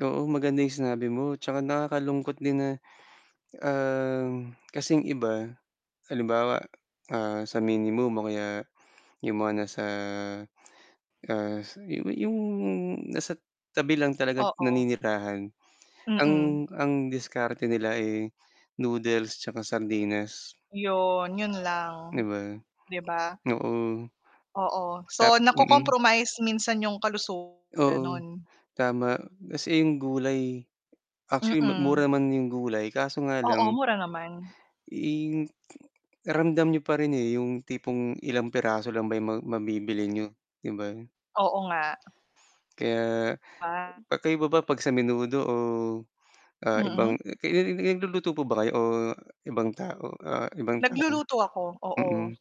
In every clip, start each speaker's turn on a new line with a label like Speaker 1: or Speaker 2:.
Speaker 1: Oo, maganda yung sinabi mo tsaka nakakalungkot din na, ah, kasing iba. Halimbawa ah, sa minimum o kaya, yung mga nasa, ah, yung nasa tabi lang talagang
Speaker 2: Oo.
Speaker 1: naninirahan, ang
Speaker 2: Mm.
Speaker 1: ang diskarte nila, eh, noodles 'tsaka sardinas.
Speaker 2: Yun, yun
Speaker 1: Di
Speaker 2: lang.
Speaker 1: ba?
Speaker 2: Di ba?
Speaker 1: Oo.
Speaker 2: Oo,
Speaker 1: Tap
Speaker 2: so
Speaker 1: mm.
Speaker 2: na-cocompromise minsan 'yong kalusugan,
Speaker 1: Oo,
Speaker 2: ganon?
Speaker 1: tama kasi yung gulay, actually
Speaker 2: Mm.
Speaker 1: mura naman yung gulay kaso nga
Speaker 2: Oo,
Speaker 1: lang
Speaker 2: mura naman.
Speaker 1: eh, ramdam niyo pa rin eh, yung tipong ilang piraso lang ba yung ma mabibili niyo, 'di ba?
Speaker 2: Oo nga.
Speaker 1: Kaya,
Speaker 2: Ah.
Speaker 1: magkaiba ba pag sa menudo o ah, eh,
Speaker 2: Mm.
Speaker 1: nag-luluto po ba kayo o ibang tao ah, ibang tao,
Speaker 2: Nagluluto ako, oo.
Speaker 1: mm.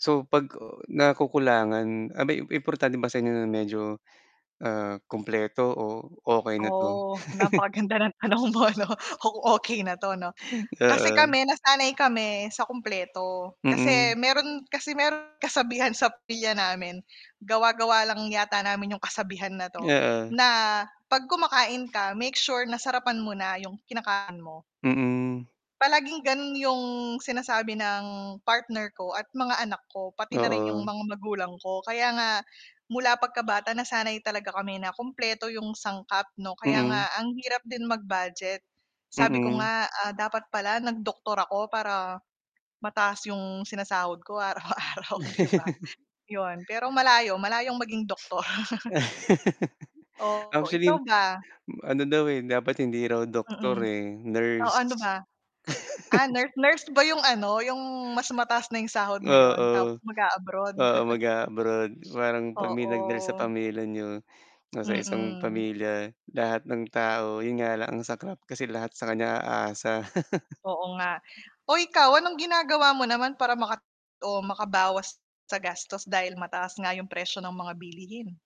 Speaker 1: So, 'pag nakukulangan aba'y importante ba sa inyo na medyo, ah, kumpleto o okey na 'to?
Speaker 2: Oo napaka-ganda ng tanong mo 'no okey na 'to ano kasi
Speaker 1: Oo.
Speaker 2: kami nasanay kami sa kumpleto, kasi
Speaker 1: Mm.
Speaker 2: meron kasi meron kasabihan sa pamilya namin, gawa-gawa lang yata namin yung kasabihan na 'to,
Speaker 1: Oo.
Speaker 2: na, pag kumakain ka, make sure na sarapan mo na yung kinakain mo
Speaker 1: Mm.
Speaker 2: palaging ganon 'yong sinasabi ng partner ko at mga anak ko pati na rin 'yong
Speaker 1: Oo.
Speaker 2: mga magulang ko kaya nga, mula pagkabata nasanay talaga kami na kumpleto 'yong sangkap 'no kaya
Speaker 1: Mm.
Speaker 2: nga ang hirap din mag-budget. Sabi ko
Speaker 1: Mm.
Speaker 2: nga ah, dapat pala nag-doktor ako para, mataas 'yong sinasahod ko araw-araw di ba? 'Yon pero malayo, malayong maging doktor. Oo,
Speaker 1: Actually,
Speaker 2: ikaw ba?
Speaker 1: ano daw, eh, dapat hindi raw doktor
Speaker 2: Mm.
Speaker 1: eh,
Speaker 2: Oh, ano
Speaker 1: nurse.
Speaker 2: ba? Ah, nurse nurse ba yung ano yung mas mataas na yung sahod ngayon, tapos
Speaker 1: Oo.
Speaker 2: mag-aabroad?
Speaker 1: Oo, mag-aabroad, parang pag may nag-rest sa
Speaker 2: Oo.
Speaker 1: pamilya niyo, nasa isang
Speaker 2: Mm.
Speaker 1: pamilya lahat ng tao yun nga lang ang saklap kasi lahat sa kanya aasa.
Speaker 2: Oo nga, o ikaw anong ginagawa mo naman para maka o makabawas sa gastos dahil mataas nga yung presyo ng mga bilihin?